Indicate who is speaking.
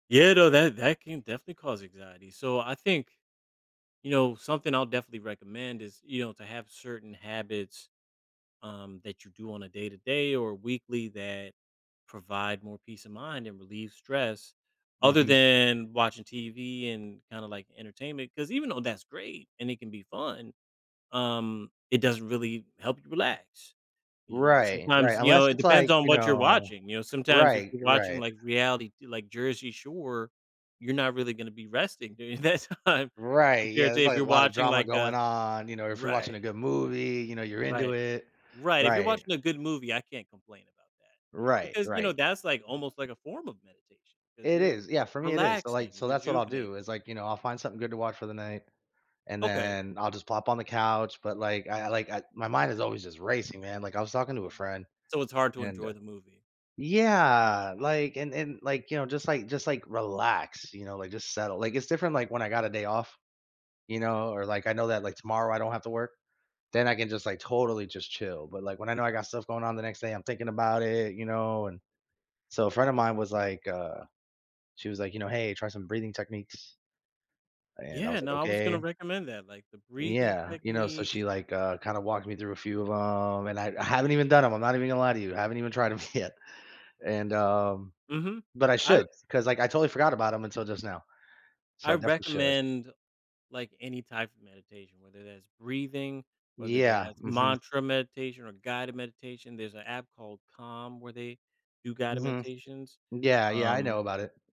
Speaker 1: Yeah no, that that can definitely cause anxiety, so, I think you know, something I'll definitely recommend is, you know, to have certain habits, um, that you do on a day-to-day, or a weekly, that provide more peace of mind, and relieve stress, other
Speaker 2: Mhm.
Speaker 1: than watching TV, and, kinda, like, entertainment, 'cause even though that's great, and it can be fun, um, it doesn't really help you relax, you know?
Speaker 2: Right, right,
Speaker 1: Sometimes, you
Speaker 2: unless
Speaker 1: know it
Speaker 2: it's, like,
Speaker 1: depends on
Speaker 2: you
Speaker 1: what you're
Speaker 2: know
Speaker 1: watching, you know, sometimes, if
Speaker 2: Right,
Speaker 1: you're watching,
Speaker 2: right.
Speaker 1: like, reality t like, Jersey Shore, you're not really gonna be resting during that time,
Speaker 2: Right,
Speaker 1: compared
Speaker 2: yeah,
Speaker 1: to
Speaker 2: there's,
Speaker 1: if
Speaker 2: like,
Speaker 1: you're
Speaker 2: a lotta
Speaker 1: watching,
Speaker 2: drama
Speaker 1: like,
Speaker 2: going
Speaker 1: a
Speaker 2: on, you know, if you're watching a
Speaker 1: Right.
Speaker 2: good movie, you know, you're into
Speaker 1: Right.
Speaker 2: it.
Speaker 1: Right, if you're
Speaker 2: Right.
Speaker 1: watching a good movie, I can't complain about that.
Speaker 2: Right,
Speaker 1: Because, you know,
Speaker 2: right.
Speaker 1: that's, like, almost, like, a form of meditation, 'cause
Speaker 2: It
Speaker 1: you're
Speaker 2: is yeah, for me, it is, so like
Speaker 1: relaxing,
Speaker 2: so, that's what I'll
Speaker 1: rejuvenating.
Speaker 2: do is, like, you know, I'll find something good to watch for the night, and
Speaker 1: Okay.
Speaker 2: then, I'll just plop on the couch, but, like, I I, like, I my mind is always just racing, man, like, I was talking to a
Speaker 1: Uh,
Speaker 2: friend,
Speaker 1: so, it's hard to
Speaker 2: and, uh
Speaker 1: enjoy the movie.
Speaker 2: Yeah, like, and and, like, you know, just, like, just, like, relax, you know, like, just settle, like, it's different, like, when I got a day off, you know? Or, like, I know that, like, tomorrow I don't have to work, then I can just, like, totally just chill. But, like, when I know I got stuff going on the next day, I'm thinking about it, you know, and so, a friend of mine was, like, uh she was, like, you know, "Hey, try some breathing techniques" and, I
Speaker 1: Yeah
Speaker 2: was, like,
Speaker 1: no, I was gonna
Speaker 2: "Okay."
Speaker 1: recommend that, like, the breathing
Speaker 2: Yeah, you know? So, she,
Speaker 1: techniques
Speaker 2: like, uh, kinda walked me through a few of 'em, and I I haven't even done 'em, I'm not even gonna lie to you, I haven't even tried 'em yet. And, um
Speaker 1: Mhm.
Speaker 2: but I
Speaker 1: I
Speaker 2: should
Speaker 1: r
Speaker 2: 'cause, like, I totally forgot about 'em until just now. So, I
Speaker 1: I
Speaker 2: definitely should.
Speaker 1: recommend, like, any type of meditation, whether that's breathing, whether
Speaker 2: Yeah.
Speaker 1: that's
Speaker 2: Mhm.
Speaker 1: mantra meditation, or guided meditation, there's an app called Calm where they do guided
Speaker 2: Mhm.
Speaker 1: meditations.
Speaker 2: Yeah, yeah, I know
Speaker 1: Um
Speaker 2: about it.